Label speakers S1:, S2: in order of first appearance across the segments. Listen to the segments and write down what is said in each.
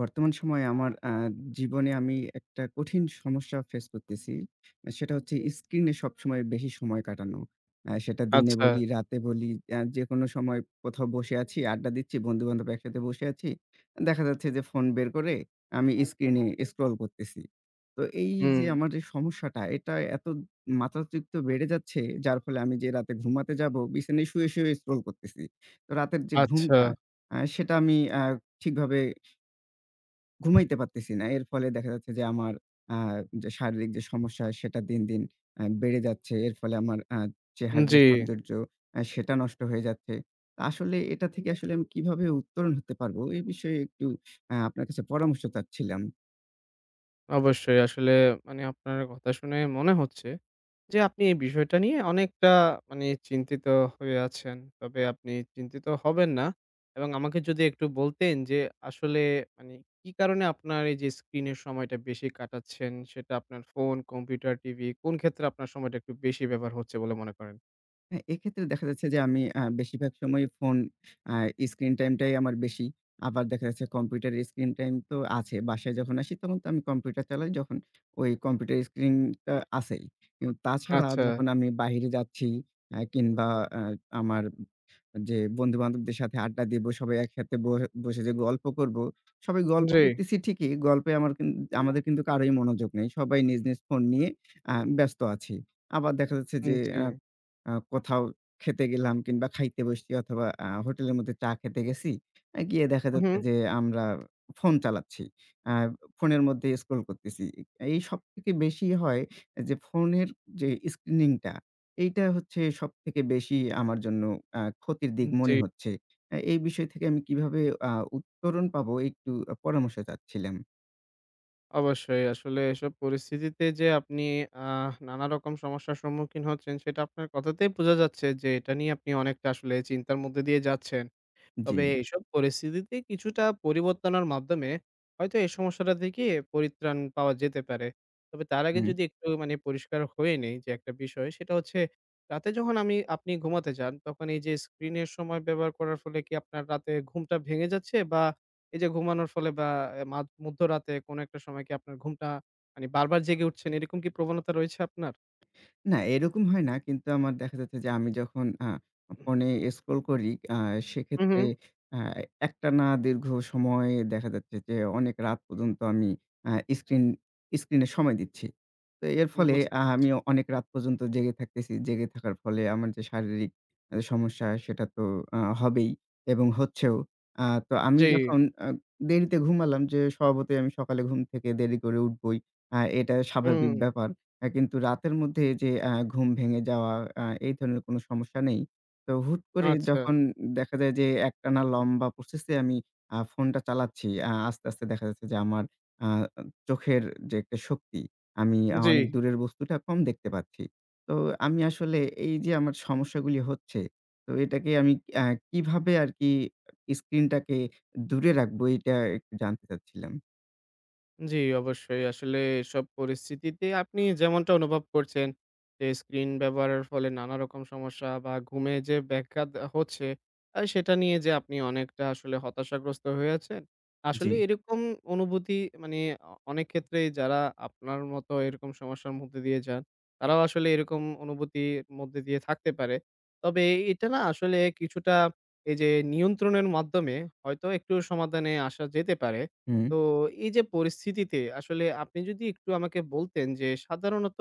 S1: বর্তমান সময়ে আমার, আ জীবনে আমি একটা কঠিন সমস্যা face করতেছি। সেটা হচ্ছে screen-এ সবসময় বেশি সময় কাটানো। অ্যা সেটা দিনে
S2: আচ্ছা।
S1: বলি, রাতে বলি, অ্যা যে কোনো সময় কোথাও বসে আছি, আড্ডা দিচ্ছি, বন্ধু-বান্ধব একসাথে বসে আছি। দেখা যাচ্ছে যে, phone বের করে আমি screen-এ scroll করতেছি। তো এইযে
S2: হুম।
S1: আমার যে সমস্যাটা এটা এতো মাত্রাতিরিক্ত বেড়ে যাচ্ছে, যার ফলে আমি যে রাতে ঘুমাতে যাবো বিছানায় শুয়ে, শুয়েও scroll করতেছি। তো রাতের যে ঘুমটা,
S2: আচ্ছা।
S1: আ সেটা আমি আ ঠিকভাবে ঘুমাইতে পারতেছি না। এর ফলে দেখা যাচ্ছে যে আমার, আ যে শারীরিক যে সমস্যা সেটা দিন, দিন আ বেড়ে যাচ্ছে। এর ফলে আমার আ
S2: উম
S1: চেহারার যে
S2: জ্বী।
S1: সৌন্দর্য, আ সেটা নষ্ট হয়ে যাচ্ছে। আসলে এটা থেকে আসলে আমি কিভাবে উত্তরণ হতে পারবো? বিষয়ে একটু আ আপনার কাছে পরামর্শ চাচ্ছিলাম।
S2: অবশ্যই, আসলে মানে আপনার কথা শুনেই মনে হচ্ছে, যে আপনি এ বিষয়টা নিয়ে অনেকটা মানে চিন্তিত হয়ে আছেন। তবে আপনি চিন্তিত হবেন না এবং আমাকে যদি একটু বলতেন যে, আসলে মানে কি কারণে আপনার এইযে স্ক্রিনের সময়টা বেশি কাটাচ্ছেন? সেটা আপনার phone, computer, TV কোন ক্ষেত্রে আপনার সময়টা একটু বেশি ব্যবহার হচ্ছে বলে মনে করেন?
S1: হ্যাঁ, এক্ষেত্রে দেখা যাচ্ছে যে আমি আ বেশিরভাগ সময় phone আ screen time টাই আমার বেশি। আবার দেখা যাচ্ছে computer screen time তো আছে, বাসায় যখন আসি তখন তো আমি computer চালাই যখন, ওই computer screen টা আছেই। কিন্তু তাছাড়া
S2: আচ্ছা।
S1: যখন আমি বাহিরে যাচ্ছি, অ্যা কিংবা অ্যা আমার যে বন্ধু-বান্ধবদের সাথে আড্ডা দিবো, সবাই একসাথে বস বসে যে গল্প করবো, সবাই গল্প
S2: জ্বী।
S1: করতেছি ঠিকই, গল্পে আমার কিন আমাদের কিন্তু কারোই মনোযোগ নাই, সবাই নিজ, নিজ phone নিয়ে, আ ব্যস্ত আছি। আবার দেখা যাচ্ছে
S2: উম
S1: যে
S2: জ্বী।
S1: অ্যা আ কোথাও খেতে গেলাম কিংবা খাইতে বসছি অথবা আ hotel-এর মধ্যে চা খেতে গেছি। আ গিয়ে দেখা যাচ্ছে
S2: উহুম।
S1: যে আমরা phone চালাচ্ছি, আ phone-এর মধ্যেই scroll করতেছি। এই সব থেকে বেশি হয় যে phone-এর যে screening টা, এইটা হচ্ছে সব থেকে বেশি আমার জন্য আ ক্ষতির দিক
S2: উম
S1: মনে
S2: জ্বী।
S1: হচ্ছে। আ এই বিষয় থেকে আমি কিভাবে আ উত্তরণ পাবো? একটু পরামর্শ চাচ্ছিলাম।
S2: অবশ্যই। আসলে এসব পরিস্থিতিতে যে আপনি আহ নানারকম সমস্যার সম্মুখীন হচ্ছেন সেটা আপনার কথাতেই বোঝা যাচ্ছে যে, এটা নিয়ে আপনি অনেকটা আসলে চিন্তার মধ্যে দিয়ে যাচ্ছেন। তবে
S1: জ্বি।
S2: এইসব পরিস্থিতিতে কিছুটা পরিবর্তনের মাধ্যমে, হয়তো এই সমস্যাটা থেকে পরিত্রাণ পাওয়া যেতে পারে। তবে তার আগে
S1: হুম।
S2: যদি একটু মানে পরিষ্কার হয়ে নেই যে একটা বিষয়, সেটা হচ্ছে, রাতে যখন আমি আপনি ঘুমাতে যান তখন এই যে screen-এর সময় ব্যবহার করার ফলে কি আপনার রাতে ঘুমটা ভেঙে যাচ্ছে বা এই যে ঘুমানোর ফলে বা এ মাধ মধ্যরাতে কোন একটা সময়ে কি আপনার ঘুমটা মানে বারবার জেগে উঠছেন, এরকম কি প্রবণতা রয়েছে আপনার?
S1: না, এরকম হয় না, কিন্তু আমার দেখা যাচ্ছে যে আমি যখন আ phone-এ scroll করি আ
S2: হুম,
S1: সেক্ষেত্রে
S2: হুম।
S1: আ একটানা দীর্ঘ সময়ে দেখা যাচ্ছে যে অনেক রাত পর্যন্ত আমি আ screen screen-এ সময় দিচ্ছি। তো এর
S2: হুম,
S1: ফলে
S2: বুঝতে
S1: আ
S2: পেরেছি।
S1: আমি অনেক রাত পর্যন্ত জেগে থাকতেছি। জেগে থাকার ফলে আমার যে শারীরিক আ সমস্যা সেটা তো আ হবেই এবং হচ্ছেও। আ তো আমি
S2: জ্বি।
S1: যখন অ দেরিতে ঘুমালাম যে স্বভাবতই আমি সকালে ঘুম থেকে দেরি করে উঠবোই, আ এটা স্বাভাবিক
S2: হুম।
S1: ব্যাপার। এ কিন্তু রাতের মধ্যে যে আ ঘুম ভেঙে যাওয়া, আ এই ধরনের কোন সমস্যা নেই। তো হুট করে
S2: আচ্ছা।
S1: যখন দেখা যায় যে একটানা লম্বা প্রসেস এ আমি আ phone টা চালাচ্ছি। আ আস্তে, আস্তে দেখা যাচ্ছে যে আমার আ চোখের যে একটা শক্তি, আমি অনেক
S2: জ্বি।
S1: দূরের বস্তুটা কম দেখতে পাচ্ছি। তো আমি আসলে এই যে আমার সমস্যাগুলি হচ্ছে, তো এটাকে আমি কি আ কিভাবে আর কি screen টাকে দূরে রাখবো এইটা একটু জানতে চাচ্ছিলাম।
S2: জি, অবশ্যই। আসলে এসব পরিস্থিতিতে আপনি যেমনটা অনুভব করছেন যে screen ব্যবহারের ফলে নানারকম সমস্যা বা ঘুমে যে ব্যঘাত আ হচ্ছে আ সেটা নিয়ে যে আপনি অনেকটা আসলে হতাশাগ্রস্ত হয়ে আছেন।
S1: জি।
S2: আসলে এরকম অনুভূতি মানে অ অনেক ক্ষেত্রেই যারা আপনার মতো এরকম সমস্যার মধ্য দিয়ে যান তারাও আসলে এরকম অনুভূতির মধ্য দিয়ে থাকতে পারে। তবে এ এটা না আসলে কিছুটা এই যে নিয়ন্ত্রণের মাধ্যমে হয়তো একটু সমাধানে আসা যেতে পারে।
S1: হুম।
S2: তো এই যে পরিস্থিতিতে আসলে আপনি যদি একটু আমাকে বলতেন যে সাধারণত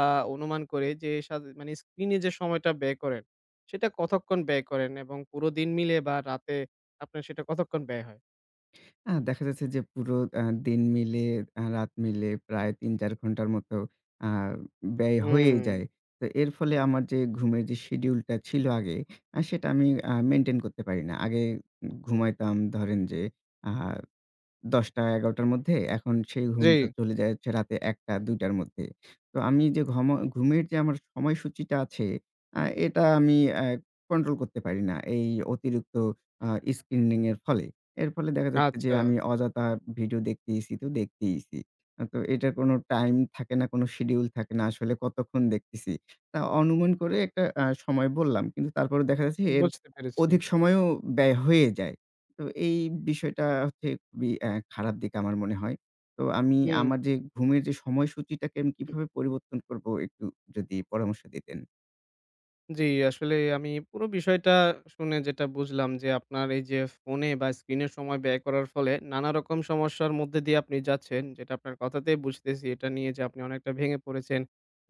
S2: আ অনুমান করে যে সা মানে screen-এ যে সময়টা ব্যয় করেন সেটা কতক্ষণ ব্যয় করেন এবং পুরো দিন মিলে বা রাতে আপনে সেটা কতক্ষণ ব্যয় হয়?
S1: আ দেখা যাচ্ছে যে পুরো আ দিন মিলে, আ রাত মিলে প্রায় ৩-৪ ঘণ্টার মতো আ ব্যয় হয়েই
S2: হুম।
S1: যায়। তো এর ফলে আমার যে ঘুমের যে schedule-টা ছিল আগে আ সেটা আমি আ maintain করতে পারি না। আগে উম ঘুমাইতাম ধরেন যে আ ১০:০০ টা ১১:০০ টার মধ্যে, এখন সেই ঘুমটা
S2: জি।
S1: চলে যাচ্ছে রাতে ১:০০ টা ২:০০ টার মধ্যে। তো আমি যে ঘম ঘুমের যে আমার সময়সূচিটা আছে আ এটা আমি আ control করতে পারি না এই অতিরিক্ত আ screening-এর ফলে। এর ফলে দেখা যাচ্ছে যে
S2: আচ্ছা।
S1: আমি অযথা video দেখতেছি তো দেখতেছি। তো এটার কোন time থাকে না, কোন schedule থাকে না আসলে কতক্ষণ দেখতেছি। আ অনুমান করে একটা আ সময় বললাম কিন্তু তারপরেও দেখা যাচ্ছে এর
S2: বুঝতে পেরেছি।
S1: অধিক সময়ও ব্যয় হয়েই যায়। তো এই বিষয়টা হচ্ছে খুবই আ খারাপ দিক আমার মনে হয়। তো আমি আমার
S2: হুম।
S1: যে ঘুমের যে সময়সূচিটাকে আমি কিভাবে পরিবর্তন করব একটু যদি পরামর্শ দিতেন।
S2: জি, আসলে আমি পুরো বিষয়টা শুনে যেটা বুঝলাম, যে আপনার এইযে phone এ বা screen এ সময় ব্যয় করার ফলে নানারকম সমস্যার মধ্য দিয়ে আপনি যাচ্ছেন। যেটা আপনার কথাতেই বুঝতেছি এটা নিয়ে যে আপনি অনেকটা ভেঙে পড়েছেন।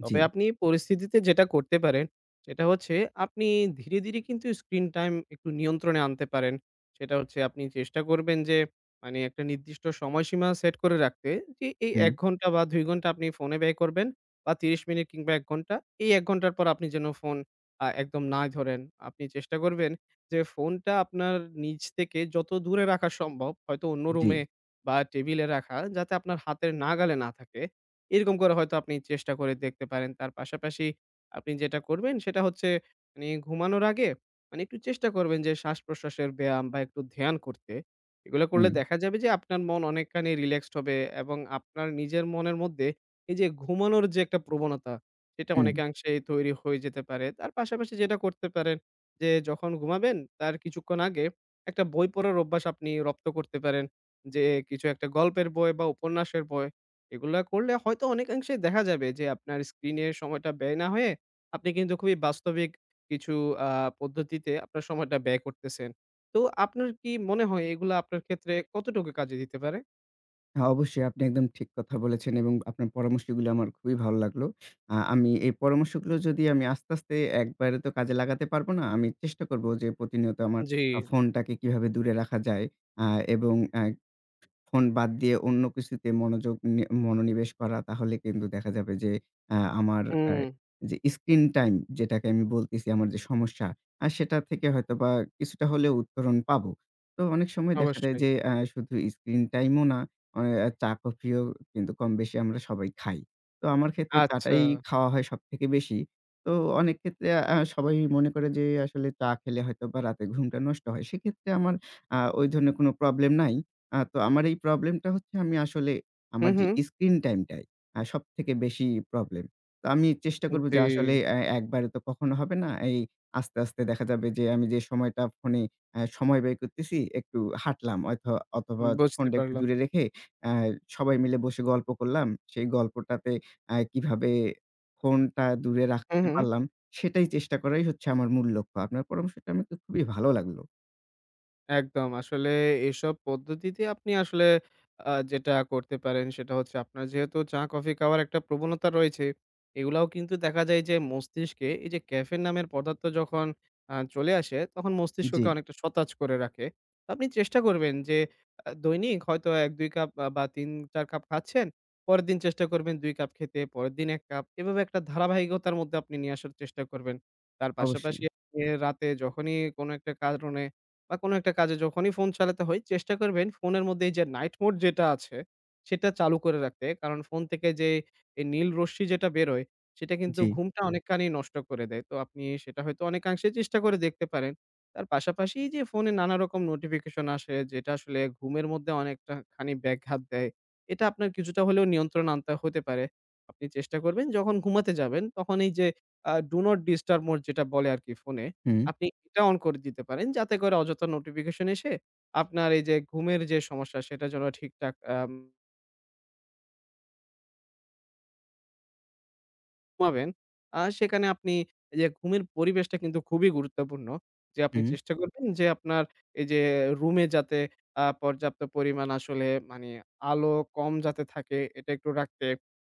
S2: তবে
S1: জ্বি।
S2: আপনি এই পরিস্থিতিতে যেটা করতে পারেন, সেটা হচ্ছে আপনি ধীরে, ধীরে কিন্তু screen time একটু নিয়ন্ত্রণে আনতে পারেন। সেটা হচ্ছে আপনি চেষ্টা করবেন যে মানে একটা নির্দিষ্ট সময়সীমা set করে রাখতে। যে এই
S1: হুম।
S2: ১ ঘণ্টা বা ২ ঘণ্টা আপনি phone এ ব্যয় করবেন বা ৩০ মিনিট কিংবা ১ ঘণ্টা। এই ১ ঘণ্টার পর আপনি যেন phone আ একদম নাই ধরেন। আপনি চেষ্টা করবেন যে phone টা আপনার নিজ থেকে যত দূরে রাখা সম্ভব হয়তো অন্য রুমে
S1: জ্বি।
S2: বা table এ রাখা। যাতে আপনার হাতের নাগালে না থাকে। এরকম করে হয়তো আপনি চেষ্টা করে দেখতে পারেন। তার পাশাপাশি আপনি যেটা করবেন, সেটা হচ্ছে মানি ঘুমানোর আগে মানি একটু চেষ্টা করবেন যে শ্বাস-প্রশ্বাসের ব্যায়াম বা একটু ধ্যান করতে। এগুলা করলে
S1: হুম।
S2: দেখা যাবে যে আপনার মন অনেকখানি relaxed হবে এবং আপনার নিজের মনের মধ্যে এইযে ঘুমানোর যে একটা প্রবণতা সেটা
S1: হুম।
S2: অনেকাংশেই তৈরি হয়ে যেতে পারে। তার পাশাপাশি যেটা করতে পারেন যে যখন ঘুমাবেন তার কিছুক্ষণ আগে, একটা বই পড়ার অভ্যাস আপনি রপ্ত করতে পারেন। যে কিছু একটা গল্পের বই বা উপন্যাসের বই। এগুলা করলে হয়তো অনেকাংশে দেখা যাবে যে আপনার স্ক্রিনের সময়টা ব্যয় না হয়ে, আপনি কিন্তু খুবই বাস্তবিক কিছু আ পদ্ধতিতে আপনার সময়টা ব্যয় করতেছেন। তো আপনার কি মনে হয় এগুলা আপনার ক্ষেত্রে কতটুকু কাজে দিতে পারে?
S1: হ্যাঁ, অবশ্যই আপনি একদম ঠিক কথা বলেছেন এবং আপনার পরামর্শগুলো আমার খুবই ভালো লাগলো। আ আমি এই পরামর্শগুলো যদি আমি আস্তে, আস্তে, একবারে তো কাজে লাগাতে পারবো না। আমি চেষ্টা করব যে প্রতিনিয়ত আমার
S2: জি।
S1: আ ফোনটাকে কিভাবে দূরে রাখা যায়, অ্যা এবং, অ্যা ফোন বাদ দিয়ে অন্য কিছুতে মনোযোগ নি মনোনিবেশ করা। তাহলে কিন্তু দেখা যাবে যে, অ্যা আমার, অ্যা
S2: হুম।
S1: যে স্ক্রিন টাইম যেটাকে আমি বলতেছি আমার যে সমস্যা, আর সেটা থেকে হয়তোবা কিছুটা হলেও উত্তরণ পাবো। তো অনেক সময় দেখা যায়
S2: অবশ্যই।
S1: যে, অ্যা শুধু স্ক্রিন টাইমও না, ও চা কফিও কিন্তু কম বেশি আমরা সবাই খাই। তো আমার ক্ষেত্রে চা-টাই
S2: আচ্ছা।
S1: খাওয়া হয় সবথেকে বেশি। তো অনেক ক্ষেত্রে, অ্যা সবাই মনে করে যে আসলে চা খেলে হয়তোবা রাতের ঘুমটা নষ্ট হয়। সেক্ষেত্রে আমার, অ্যা ওই ধরনের কোন problem নাই। অ্যা তো আমার এই problem-টা হচ্ছে আমি আসলে
S2: হুম,
S1: আমার যে
S2: হুম।
S1: স্ক্রিন টাইমটাই, হ্যাঁ, সবথেকে বেশি problem। তো আমি চেষ্টা করব
S2: জি।
S1: যে আসলে, আ অ্যা একবারে তো কখনো হবে না। এই আস্তে, আস্তে দেখা যাবে যে আমি যে সময়টা ফোনে, অ্যা সময় ব্যয় করতেছি একটু হাঁটলাম হয়তো অথবা
S2: বুঝতে
S1: ফোনটা একটু
S2: পারলাম।
S1: দূরে রেখে, অ্যা সবাই মিলে বসে গল্প করলাম। সেই গল্পটাতে, অ্যা কিভাবে ফোনটা দূরে
S2: হুম,
S1: রাখতে
S2: হুম।
S1: পারলাম সেটাই চেষ্টা করাই হচ্ছে আমার মূল লক্ষ্য। আপনার পরামর্শটা আমাকে খুবই ভালো লাগলো।
S2: একদম। আসলে এইসব পদ্ধতিতে আপনি আসলে আ যেটা করতে পারেন সেটা হচ্ছে আপনার যেহেতু চা-কফি খাওয়ার একটা প্রবণতা রয়েছে। এগুলাও কিন্তু দেখা যায় যে মস্তিষ্কে এইযে ক্যাফেন নামের পদার্থ যখন আ চলে আসে তখন মস্তিষ্ককে
S1: জি।
S2: অনেকটা সতেজ করে রাখে। আপনি চেষ্টা করবেন যে আ দৈনিক হয়তো ১-২ কাপ বা ৩-৪ কাপ খাচ্ছেন। পরের দিন চেষ্টা করবেন ২ কাপ খেতে। পরের দিন ১ কাপ। এভাবে একটা ধারাবাহিকতার মধ্যে আপনি নিয়ে আসার চেষ্টা করবেন। তার পাশাপাশি
S1: অবশ্যই।
S2: রাতে যখনই কোনো একটা কারণে বা কোনো একটা কাজে যখনই ফোন চালাতে হয়, চেষ্টা করবেন ফোনের মধ্যে এই যে নাইট মোড যেটা আছে সেটা চালু করে রাখতে। কারণ ফোন থেকে যে এই নীল রশ্মি যেটা বেরোয় সেটা কিন্তু
S1: জি।
S2: ঘুমটা অনেকখানি নষ্ট করে দেয়। তো আপনি সেটা হয়তো অনেকাংশে চেষ্টা করে দেখতে পারেন। তার পাশাপাশি এই যে ফোনে নানারকম নোটিফিকেশন আসে যেটা আসলে ঘুমের মধ্যে অনেকটাখানি ব্যঘাত দেয়। এটা আপনার কিছুটা হলেও নিয়ন্ত্রণে আনতে হতে পারে। আপনি চেষ্টা করবেন যখন ঘুমাতে যাবেন তখন এই যে Do not disturb mode যেটা বলে আরকি ফোনে,
S1: হুম।
S2: আপনি এটা on করে দিতে পারেন যাতে করে অযথা নোটিফিকেশন এসে আপনার এইযে ঘুমের যে সমস্যা সেটা যেন ঠিকঠাক আম ঘুমাবেন আর সেখানে আপনি এইযে ঘুমের পরিবেশটা কিন্তু খুবই গুরুত্বপূর্ণ। যে আপনি
S1: হুম।
S2: চেষ্টা করবেন যে আপনার এইযে রুমে যাতে আ পর্যাপ্ত পরিমাণ আসলে মানে আলো কম যাতে থাকে এটা একটু রাখতে।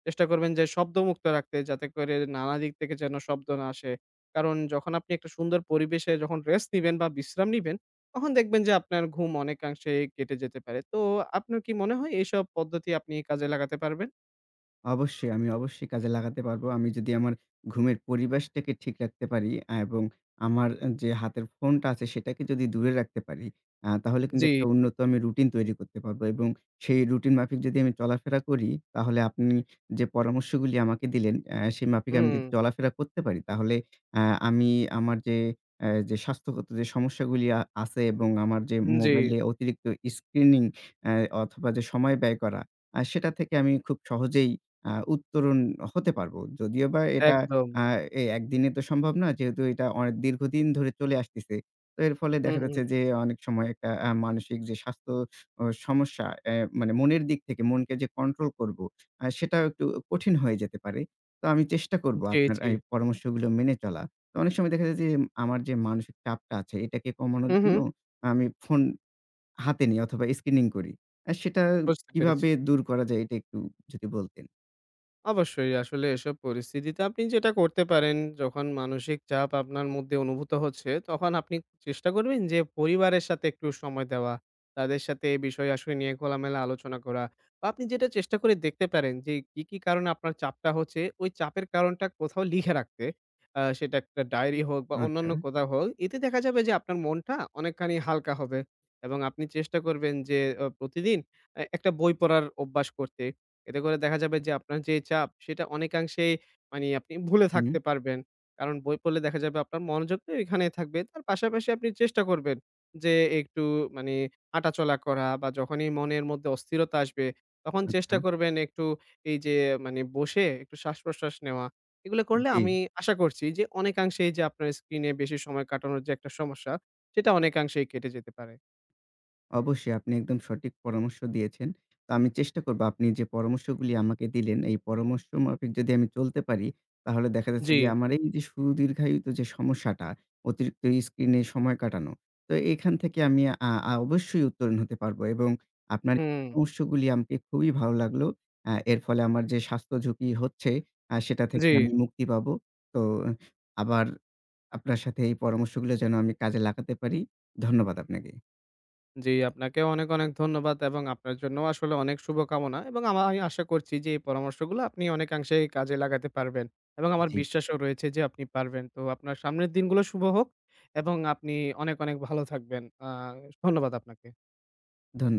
S2: চেষ্টা করবেন যে শব্দমুক্ত রাখতে যাতে করে নানা দিক থেকে যেন শব্দ না আসে। কারণ যখন আপনি একটা সুন্দর পরিবেশে যখন rest নিবেন বা বিশ্রাম নিবেন তখন দেখবেন যে আপনার ঘুম অনেকাংশে কেটে যেতে পারে। তো আপনার কি মনে হয় এইসব পদ্ধতি আপনি কাজে লাগাতে পারবেন?
S1: অবশ্যই। আমি অবশ্যই কাজে লাগাতে পারবো। আমি যদি আমার ঘুমের পরিবেশটাকে ঠিক রাখতে পারি অ্যা এবং আমার যে হাতের ফোনটা আছে সেটাকে যদি দূরে রাখতে পারি, আ তাহলে কিন্তু
S2: জি।
S1: একটা উন্নত আমি routine তৈরি করতে পারবো এবং সেই routine মাফিক যদি আমি চলাফেরা করি, তাহলে আপনি যে পরামর্শগুলি আমাকে দিলেন, অ্যা সে মাফিক আমি যদি
S2: হুম।
S1: চলাফেরা করতে পারি তাহলে, অ্যা আমি আমার যে, অ্যা যে স্বাস্থ্যগত যে সমস্যাগুলি আ আছে এবং আমার যে
S2: হুম, জি।
S1: মোবাইলে অতিরিক্ত screening, অ্যা অথবা যে সময় ব্যয় করা। আ সেটা থেকে আমি খুব সহজেই, অ্যা উত্তরণ হতে পারবো। যদিওবা এটা,
S2: একদম।
S1: অ্যা এ একদিনে তো সম্ভব নয়। যেহেতু এটা অয়ে দীর্ঘদিন ধরে চলে আসতেছে। তো এর ফলে
S2: হুম,
S1: দেখা
S2: হুম।
S1: যাচ্ছে যে অনেক সময় একটা, অ্যা মানসিক যে স্বাস্থ্য ও সমস্যা, অ্যা মানে মনের দিক থেকে, মনকে যে control করবো, অ্যা সেটা একটু কঠিন হয়ে যেতে পারে। তো আমি চেষ্টা করবো
S2: জি,
S1: আপনার
S2: জি।
S1: এই পরামর্শগুলো মেনে চলা। তো অনেক সময় দেখা যায় যে, আমার যে মানসিক চাপটা আছে এটাকে কমানোর
S2: হু,
S1: জন্য
S2: হু।
S1: আমি ফোন হাতে নিই অথবা screening করি। আ সেটা
S2: বুঝতে পেরেছি।
S1: কিভাবে দূর করা যায়? এটা একটু যদি বলতেন।
S2: অবশ্যই আসলে এসব পরিস্থিতিতে আপনি যেটা করতে পারেন। যখন মানসিক চাপ আপনার মধ্যে অনুভূত হচ্ছে তখন আপনি চেষ্টা করবেন যে পরিবারের সাথে একটু সময় দেওয়া। তাদের সাথে এ বিষয়-আসয় নিয়ে খোলামেলা আলোচনা করা বা আপনি যেটা চেষ্টা করে দেখতে পারেন যে কি, কি, কারণে আপনার চাপটা হচ্ছে ওই চাপের কারণটা কোথাও লিখে রাখতে। আ সেটা একটা ডায়েরি হোক বা
S1: আচ্ছা।
S2: অন্যান্য কোথাও হোক। এতে দেখা যাবে যে আপনার মনটা অনেকখানি হালকা হবে এবং আপনি চেষ্টা করবেন যে অ প্রতিদিন এ্যা একটা বই পড়ার অভ্যাস করতে। এতে করে দেখা যাবে যে আপনার যে চাপ সেটা অনেকাংশে মানে আপনি ভুলে থাকতে
S1: হুম।
S2: পারবেন। কারণ বই পড়লে দেখা যাবে আপনার মনোযোগ তো এইখানেই থাকবে। তার পাশাপাশি আপনি চেষ্টা করবেন যে একটু মানে হাঁটাচলা করা বা যখনই মনের মধ্যে অস্থিরতা আসবে তখন চেষ্টা
S1: আচ্ছা।
S2: করবেন একটু এই যে মানে বসে একটু শ্বাস প্রশ্বাস নেওয়া। এগুলো করলে
S1: জি।
S2: আমি আশা করছি যে অনেকাংশে এই যে আপনার স্ক্রিনে বেশি সময় কাটানোর যে একটা সমস্যা সেটা অনেকাংশে কেটে যেতে পারে।
S1: অবশ্যই আপনি একদম সঠিক পরামর্শ দিয়েছেন। তা আমি চেষ্টা করব আপনি যে, পরামর্শগুলি আমাকে দিলেন এই পরামর্শ মাফিক যদি আমি চলতে পারি। তাহলে দেখা যাচ্ছে যে
S2: জি।
S1: আমার এই যে সুদীর্ঘায়িত যে সমস্যাটা, অতিরিক্ত স্ক্রিনে সময় কাটানো, তো এখান থেকে আমি, আ আ অবশ্যই উত্তরণ হতে পারবো এবং আপনার [unintelligible]
S2: হুম।
S1: পরামর্শগুলি আমাকে খুবই ভালো লাগলো। অ্যা এর ফলে আমার যে স্বাস্থ্যঝুঁকি হচ্ছে, আ সেটা থেকে
S2: জি।
S1: আমি মুক্তি পাবো। তো আবার আপনার সাথে এই পরামর্শগুলো যেন আমি কাজে লাগাতে পারি। ধন্যবাদ আপনাকে।
S2: জি, আপনাকে অনেক, অনেক, ধন্যবাদ এবং আপনার জন্যও আসলে অনেক শুভকামনা এবং আমা আমি আশা করছি যে এই পরামর্শগুলো আপনি অনেকাংশে কাজে লাগাতে পারবেন এবং আমার
S1: জি।
S2: বিশ্বাসও রয়েছে যে আপনি পারবেন। তো আপনার সামনের দিনগুলো শুভ হোক এবং আপনি অনেক অনেক ভালো থাকবেন। আ ধন্যবাদ আপনাকে।
S1: ধন্য